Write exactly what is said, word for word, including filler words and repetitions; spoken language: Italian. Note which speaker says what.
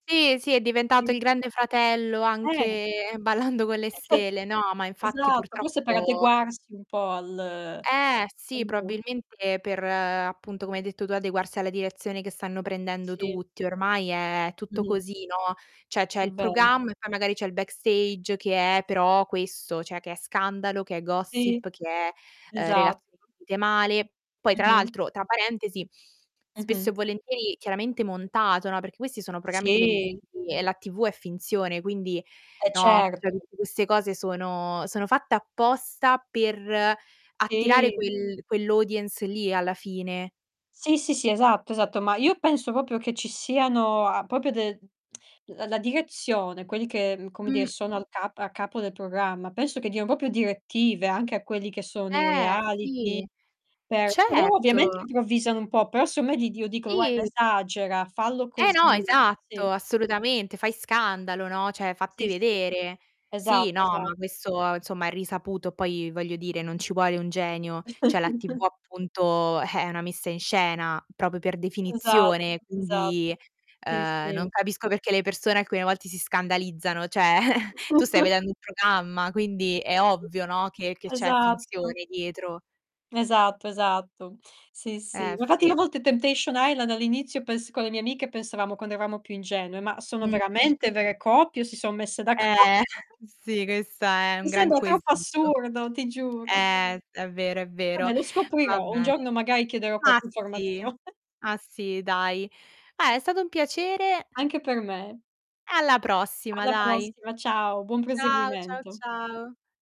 Speaker 1: Sì, sì è diventato
Speaker 2: Sì.
Speaker 1: il Grande Fratello
Speaker 2: Eh.
Speaker 1: anche Ballando Con Le
Speaker 2: Eh certo,
Speaker 1: stele no, ma infatti
Speaker 2: esatto, forse per
Speaker 1: purtroppo
Speaker 2: adeguarsi un pò al
Speaker 1: Eh sì
Speaker 2: mh-mh.
Speaker 1: probabilmente per, appunto, come hai detto tu adeguarsi alla direzione che stanno prendendo
Speaker 2: Sì.
Speaker 1: tutti ormai è tutto
Speaker 2: Mh-mh.
Speaker 1: così, no, ceh c'è
Speaker 2: È
Speaker 1: il
Speaker 2: vero.
Speaker 1: programma, e poi magari c'è il backstage che è però questo, cioè che è scandalo, che è
Speaker 2: Sì,
Speaker 1: gossip, che è, eh,
Speaker 2: esatto.
Speaker 1: relazioni finite male. Poi tra
Speaker 2: Mh-mh.
Speaker 1: l'altro, tra parentesi, spesso
Speaker 2: Mh-mh.
Speaker 1: e volentieri chiaramente montato, no, perché questi sono programmi
Speaker 2: Sì.
Speaker 1: televisivi e la TV è finzione quindi,
Speaker 2: Eh,
Speaker 1: no, cioè
Speaker 2: certo.
Speaker 1: tutte queste cose sono sono fatte apposta per attirare
Speaker 2: Sì.
Speaker 1: quel quell'audience lì alla fine.
Speaker 2: Sì, sì, sì, esatto, esatto. Ma io penso proprio che ci siano a proprio, de la la direzione quelli che, ehm, come dire
Speaker 1: Mh.
Speaker 2: sono al cap a capo del programma, penso che diano proprio direttive anche a quelli che sono i
Speaker 1: Eh,
Speaker 2: reality
Speaker 1: sì,
Speaker 2: per loro ovviamente
Speaker 1: certo!
Speaker 2: improvvisano un po', però seondo me gli dio dicono,
Speaker 1: Sì!
Speaker 2: guarda, esagera, fallo
Speaker 1: Eh
Speaker 2: così.
Speaker 1: no,
Speaker 2: Sì.
Speaker 1: esatto, assolutamente. Fai scandalo, no, ceh fatti
Speaker 2: Sì, sì.
Speaker 1: vedere. Sì,
Speaker 2: Esatto,
Speaker 1: no,
Speaker 2: esa
Speaker 1: ma questo insomma è risaputo, poi voglio dire non ci vuole un genio, cioè la TV appunto è una messa in scena, proprio per
Speaker 2: Esatto,
Speaker 1: definizione,
Speaker 2: esatto.
Speaker 1: quindi,
Speaker 2: Sì,
Speaker 1: ehm, non
Speaker 2: sì.
Speaker 1: capisco perché le persone alcune volte si scandalizzano, ceh tu stai vedendo un programma quindi è ovvio no, che che c'è
Speaker 2: Esatto.
Speaker 1: finzione dietro.
Speaker 2: Esatto, esatto, Sì, sì.
Speaker 1: Eh,
Speaker 2: Infatti, io
Speaker 1: sì.
Speaker 2: a volte Temptation Island all'inizio pens con le mie amiche, pensavamo quando eravamo più ingenue, ma sono
Speaker 1: Mh.
Speaker 2: veramente vere coppie o si son messe d'accordo?
Speaker 1: Eh, sì, questo è un
Speaker 2: Mi
Speaker 1: gran
Speaker 2: sembra troppo
Speaker 1: quesito.
Speaker 2: assurdo, ti giuro.
Speaker 1: Eh è vero, è vero.
Speaker 2: Vabbè lo
Speaker 1: Va
Speaker 2: scoprirò. Un
Speaker 1: bene.
Speaker 2: giorno magari chiederò
Speaker 1: Ah
Speaker 2: qualche
Speaker 1: sì
Speaker 2: informazione.
Speaker 1: ah sì, dai. Dai, è stato un piacere
Speaker 2: Anche per me.
Speaker 1: alla prossima
Speaker 2: Alla
Speaker 1: dai.
Speaker 2: prossima, ciao. Buon
Speaker 1: Ciao, ciao,
Speaker 2: proseguimento.
Speaker 1: ciao.